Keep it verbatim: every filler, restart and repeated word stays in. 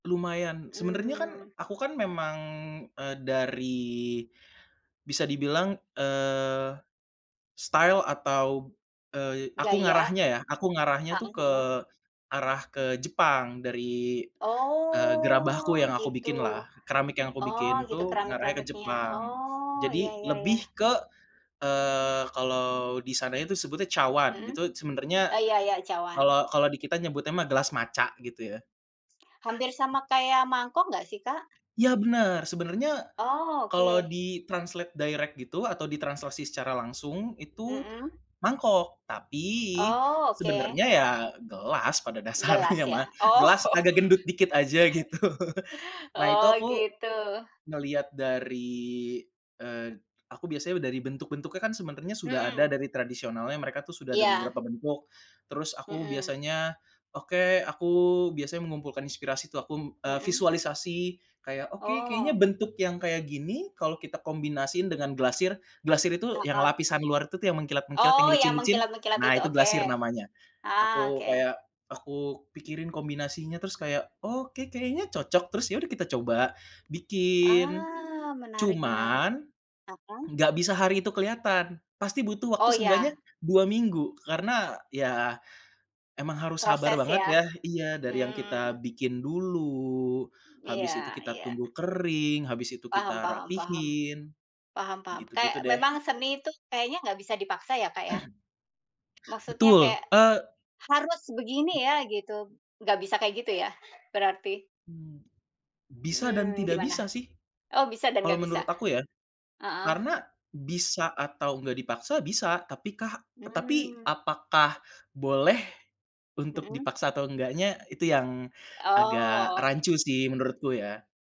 Lumayan, sebenarnya kan Mmm. aku kan memang, eee, dari bisa dibilang, eee, style atau, eee aku Gaya, ngarahnya ya, aku ngarahnya tuh heeh ke heeh. arah ke Jepang dari, eee, gerabahku yang Oh, aku gitu. bikin lah, keramik yang aku Oh, bikin gitu, tuh ngarahnya ke keramik-keramiknya. Jepang. Oh, iya Jadi iya iya. lebih ke, eee, kalau di sana itu sebutnya cawan, Mhm. itu sebenernya Iya iya cawan. kalau kalau di kita nyebutnya mah gelas matcha, gitu ya. Hampir sama Mhm. kayak mangkok nggak sih, Kak? Iya, bener. Sebenarnya, Oh, kalau oke. di-translate direct gitu atau ditranslasi secara langsung itu, Mhm? mangkok, tapi Oh, oke. sebenarnya ya gelas, pada dasarnya Gelas, ya? mah, Oh. gelas agak gendut dikit aja, gitu. Nah itu Oh, aku, gitu. ngelihat dari, eee, aku biasanya dari bentuk-bentuknya kan sebenarnya sudah ada Mhm. dari tradisionalnya, mereka tuh sudah ada Iya. beberapa bentuk, terus aku Mhm. biasanya oke, aku biasanya mengumpulkan inspirasi itu aku, m e Mhm? visualisasi, kayak, "Oke, kayaknya Oh. bentuk yang kayak gini, kalau kita kombinasiin dengan glasir" glasir itu yang Heeh. lapisan luar itu tuh yang mengkilat-mengkilat, yang Oh, yang licin-licin, mengkilat-mengkilat nah itu, itu oke. glasir namanya. Ah hah, Aku oke. kayak aku pikirin kombinasinya, terus kayak, "Oke, kayaknya cocok," terus yaudah kita coba bikin, Ah, menarik menarik. cuman Mhm. enggak bisa hari itu kelihatan, pasti butuh waktu Oh, seenggaknya iya. dua minggu, karena ya emang harus sabar Proses banget ya, ya iya, dari yang kita hmm. bikin dulu, Hmm, habis itu iya kita iya. tunggu kering, habis itu Paham kita paham paham. rapihin, Paham paham, gitu-gitu kayak deh. memang seni itu kayaknya nggak bisa dipaksa ya, Kak, ya? Maksudnya Betul, kayak, eee "Harus begini ya", gitu, nggak bisa kayak, gitu ya, berarti? Hmm, Bisa dan Mhm, tidak gimana? bisa sih Oh, bisa dan kalau nggak bisa. menurut aku ya, Heeh? karena bisa atau enggak dipaksa, bisa, tapi kah tapi Hmm. apakah boleh untuk Mhm? dipaksa atau enggaknya, itu yang agak Oh. rancu sih menurutku, ya.